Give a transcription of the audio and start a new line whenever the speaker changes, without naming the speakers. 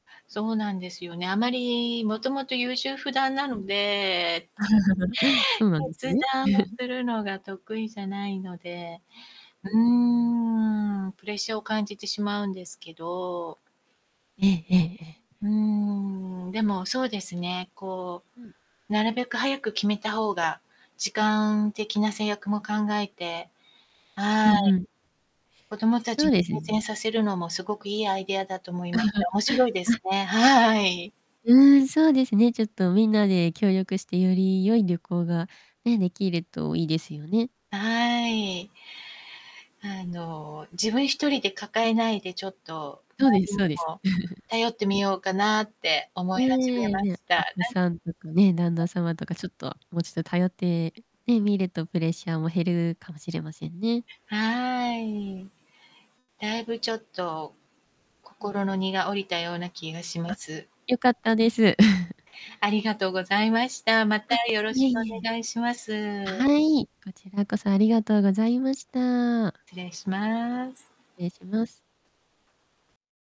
そうなんですよね。あまり、もともと優柔不断な
う
の
ん。
で。
そうなんです
決
ね？
断を するのが得意じゃないので、
うー
う
ん。
ーん。プレッシャーを感じてしまうんですけど。
ええええ-ええ。
うーん、でも、そうですね。こ
うん。
う、なるべく早く決めた方が、時間的な制約も考えて。
う
は
んう
い。
ん。
子供た
そ
ち
う
に
でよす
改善
ね。
させるのもすごくいいアイデアだと思いました。面白いです
あ。
ね。はい。
うん、そうですね、ちょっとみんなで協力して、より良い旅行が、ね、できるといいですよね。
はい。あの、自分一人で抱えないでちょっと、周
そうで
り
す、
に
そうです。
も 頼ってみようかなって思い
ね
始め
え、
ま
ね、
した。な
あ子
ん
さんとかね、旦那
[unintelligible]
様とか、ちょっと、もうちょっと頼ってね、みるとプレッシャーも減るかもしれませんね。
はい。だいぶちょっと、
うん、
心
ふ
の
ん。
荷が下りたような気がしま
あ。
す。
良かったです。
ありがとうございました。また
あ、
よろ
い
し
え
く
いえ
お
いえ。
願いします。
はい、こちらこそ、ありがとうございました。
失礼します。
失礼します。